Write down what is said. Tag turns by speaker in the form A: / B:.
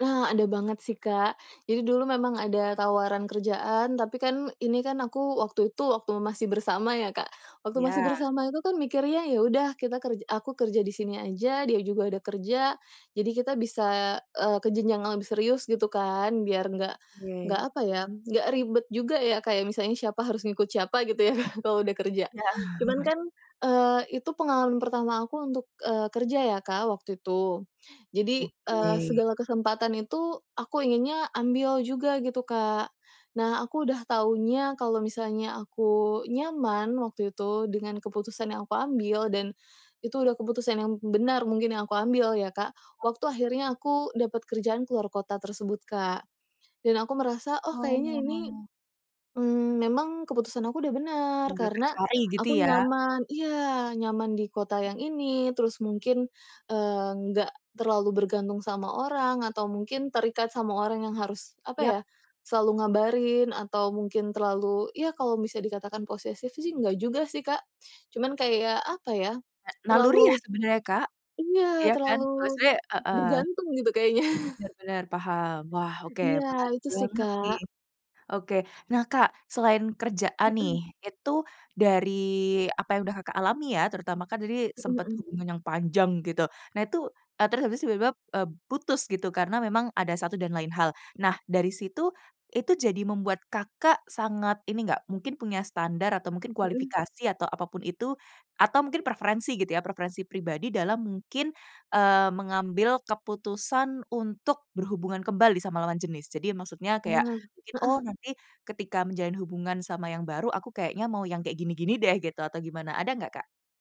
A: Ah, ada banget sih, Kak. Jadi dulu memang ada tawaran kerjaan, tapi kan ini kan aku waktu itu masih bersama ya, Kak. Waktu masih
B: Iya.
A: bersama itu kan mikir, ya udah kita kerja aku kerja di sini aja, dia juga ada kerja. Jadi kita bisa, eee, ke jenjang lebih serius gitu kan, biar enggak enggak
B: Oke.
A: apa ya, enggak ribet juga. Ya, kayak misalnya siapa harus ngikut siapa gitu ya, Kak, kalau udah kerja.
B: Iya.
A: Cuman kan, eee, itu pengalaman pertama aku untuk, eee, kerja ya, Kak, waktu itu. Jadi, eee,
B: Oke.
A: segala kesempatan itu aku inginnya ambil juga gitu, Kak. Nah, aku udah taunya kalau misalnya aku nyaman waktu itu dengan keputusan yang aku ambil, dan itu udah keputusan yang b benar mungkin yang aku ambil ya, Kak. Waktu akhirnya aku dapet kerjaan keluar kota tersebut, Kak, dan aku merasa, "Oh, kayaknya ini,
B: Oh.
A: mmm, memang keputusan aku udah benar
B: Yang Kakak,
A: karena
B: cari gitu
A: aku
B: ya.
A: nyaman," iya, nyaman di kota
B: M
A: yang ini, terus mungkin, eee, nggak terlalu bergantung sama orang atau mungkin terikat sama orang yang harus apa
B: Yap.
A: ya, selalu ngabarin, atau mungkin terlalu ya kalau bisa dikatakan posesif sih enggak juga sih, Kak. Cuman kayak apa ya,
B: Na naluri ya
A: terlalu
B: sebenarnya, Kak?
A: iya
B: Iya kan,
A: terlalu
B: maksudnya heeh.
A: bergantung gitu kayaknya.
B: Benar benar, paham, wah oke,
A: Iya
B: menarik
A: itu sih,
B: banget nih,
A: Kak.
B: oke. Nah, Kak, selain kerjaan nih,
A: Mhm.
B: itu dari apa yang udah, Kakak alami ya, terutama kan tadi
A: Mhm
B: sempet
A: mhm.
B: hubungan yang panjang gitu. Nah, itu, eee, terus habis tiba-tiba, eee, putus gitu karena memang ada satu dan lain hal. Nah, dari situ, itu jadi membuat Kakak sangat ini enggak, mungkin punya standar atau mungkin
A: Mhm.
B: kualifikasi atau apapun itu, atau mungkin preferensi gitu ya, preferensi pribadi dalam mungkin, eee, mengambil keputusan untuk berhubungan kembali sama lawan jenis? Jadi maksudnya kayak
A: Nah,
B: mungkin, "Oh
A: heeh.
B: nanti ketika menjalin hubungan sama yang baru, aku kayaknya mau yang kayak gini-gini deh," gitu, atau gimana. Ada enggak, Kak?